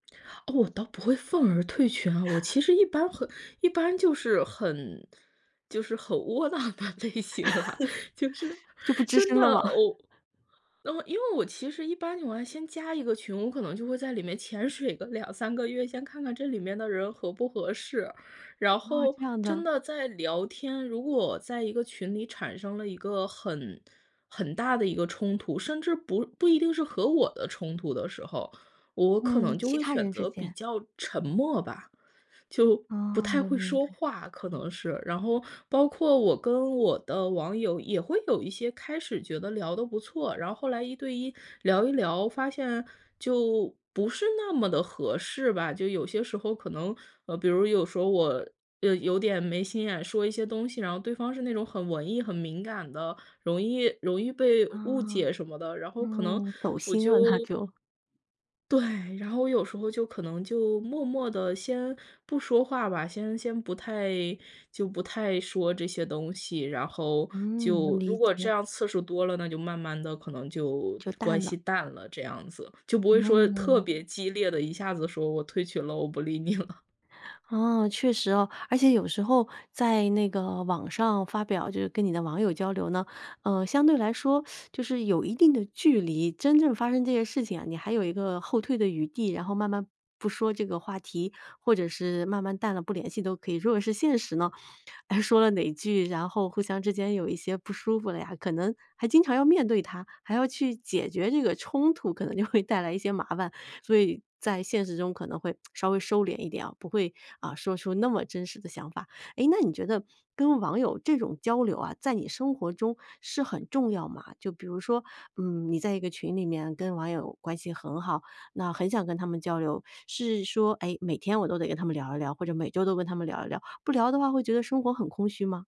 我倒不会愤而退群，啊，我其实一般很一般就是很就是很窝囊的类型了，就是就不吱真声了吗？的 我嗯，因为我其实一般情况先加一个群，我可能就会在里面潜水个2-3个月，先看看这里面的人合不合适。然哦，后这样真的。的在聊天如果在一个群里产生了一个很很大的一个冲突，甚至不不一定是和我的冲突的时候，我可嗯，能就其会他选人之择比间。较沉默吧。就不哦，太我会明说白。话，可能是。然后包括我跟我的网友也会有一些开始觉得聊得不错，然后后来一对一聊一聊，发现就不是那么地合适吧。就有些时候可能，呃，比如有时候我有点没心眼说一些东西，然后对方是那种很文艺很敏感的，容易容易被误啊。解什么的，然后可能嗯，走我心了他就就。对，然后我有时候就可能就默默地先不说话吧，先先不太就不太说这些东西，然后嗯，能就理如果这解。样次数多了，那就慢慢地可能就就关淡了。系淡了，这样子。就不会说特嗯。别激烈地，一下子说我退群了，我不理你了。啊，确实啊，而且有时候在那个网上发表，就是跟你的网友交流呢，呃，相对来说 就是有一定的距离。真正发生这些事情啊，你还有一个后退的余地，然后慢慢不说这个话题或者是慢慢淡了不联系都可以。如果是现实呢，哎说了哪句，然后互相之间有一些不舒服了呀，可能还经常要面对它，还要去解决这个冲突可能就会带来一些麻烦。所以在现实中可能会 稍微收敛一点啊，不会，啊，说出那么真实的想法。哎，那你觉得跟网友这种交流啊，在你生活中是很重要吗？就比如说，嗯，你在一个群里面跟网友关系很好，那很想跟他们交流。是说，哎，每天我都得跟他们聊一聊，或者每周都跟他们聊一聊。不聊的话会觉得生活很空虚吗？